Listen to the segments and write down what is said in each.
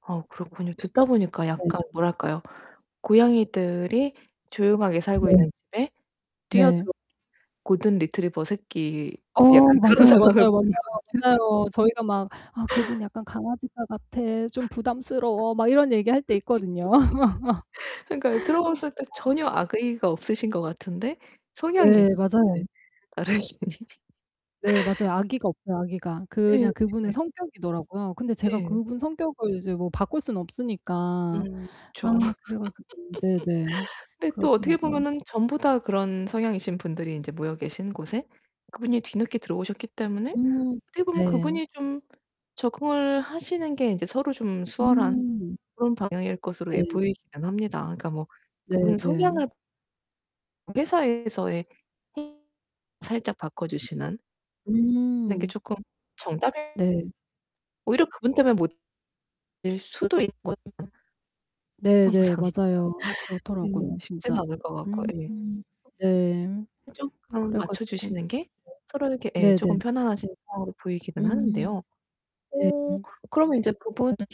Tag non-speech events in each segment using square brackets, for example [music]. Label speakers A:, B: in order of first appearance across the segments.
A: 아 그렇군요. 듣다 보니까
B: 네.
A: 약간 뭐랄까요? 고양이들이 조용하게 살고
B: 네.
A: 있는 집에
B: 네.
A: 뛰어들어 골든리트리버 새끼.
B: 어,
A: 약간 그런
B: 맞아요
A: 상황을
B: 맞아요 맞아요.
A: 보는 것 같은
B: 맞아요. 저희가 막 "아 그분 약간 강아지과 같아. 좀
A: [laughs]
B: 부담스러워." 막 이런 얘기할 때 있거든요.
A: 그니까요. 들어봤을 때
B: [laughs] 어.
A: 전혀 악의가 없으신 것 같은데 성향이
B: 네,
A: 또
B: 맞아요.
A: 인제 다르신
B: 네,
A: [laughs]
B: 맞아요. 악의가 없어요 악의가.
A: 예.
B: 그냥 그분의
A: 예.
B: 성격이더라고요. 근데 제가
A: 예.
B: 그분 성격을 이제 뭐 바꿀 수는 없으니까 아
A: 음 그쵸.
B: 그래 가지고 네네.
A: [laughs] 근데 또 어떻게
B: 그렇더라고요.
A: 보면은 전부 다 그런 성향이신 분들이 인제 모여 계신 곳에 그분이 뒤늦게 들어오셨기 때문에
B: 음
A: 어떻게 보면
B: 네.
A: 그분이 좀 적응을 하시는 게 인제 서로 좀 수월한
B: 음.
A: 그런 방향일 것으로 예
B: 네.
A: 보이기는 합니다. 그러니까 뭐
B: 네
A: 그분의
B: 네.
A: 성향을 회사에서의 [unintelligible] 살짝 바꿔주시는 하는 게
B: 음.
A: 쪼끔 정답
B: 네.
A: 오히려 그분 때문에 못 될 수도 있거든요.
B: 네 네,
A: 항상
B: 맞아요.
A: 예
B: 그렇더라고요
A: 쉽지는
B: 진짜.
A: 않을 것 같고
B: 음.
A: 예.
B: 네.
A: 쪼끔
B: 그래 가지고
A: 맞춰주시는 게 서로에게 예
B: [unintelligible]
A: 쪼금
B: 네네.
A: 편안하신 상황으로 보이기는
B: 음.
A: 하는데요
B: 네.
A: 오
B: 음.
A: 그러면 이제 그분한테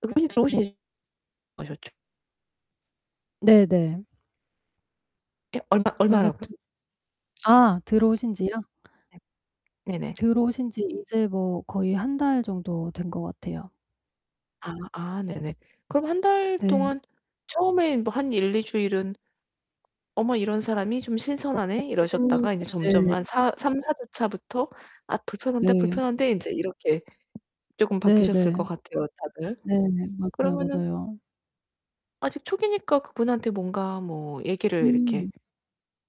A: 그분이 들어오신 아셨죠.
B: 네네.
A: 예 얼마
B: 그래서
A: 얼마라고?
B: 트
A: [unintelligible]
B: 아 들어오신지요?
A: 네. 네네.
B: 들어오신 지 이제 뭐 거의 1 달 정도 된 것 같아요.
A: 아 아 네네. 그럼 1 달
B: 네.
A: 동안 처음에 뭐 한 1-2 주일은 '어머 이런 사람이 좀 신선하네.' 이러셨다가
B: [unintelligible]
A: 이제 점점
B: 네.
A: 한 사 3-4 주차부터 '아 불편한데,
B: 네.
A: 불편한데.' 인제 이렇게 쪼금 바뀌셨을 것
B: 네네.
A: 같아요 다들.
B: 네네 맞아요
A: 그러면은
B: 맞아요.
A: 아직 초기니까 그분한테 뭔가 뭐 얘기를 이렇게
B: 음.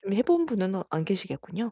A: 좀 해 본 분은 아 안 계시겠군요.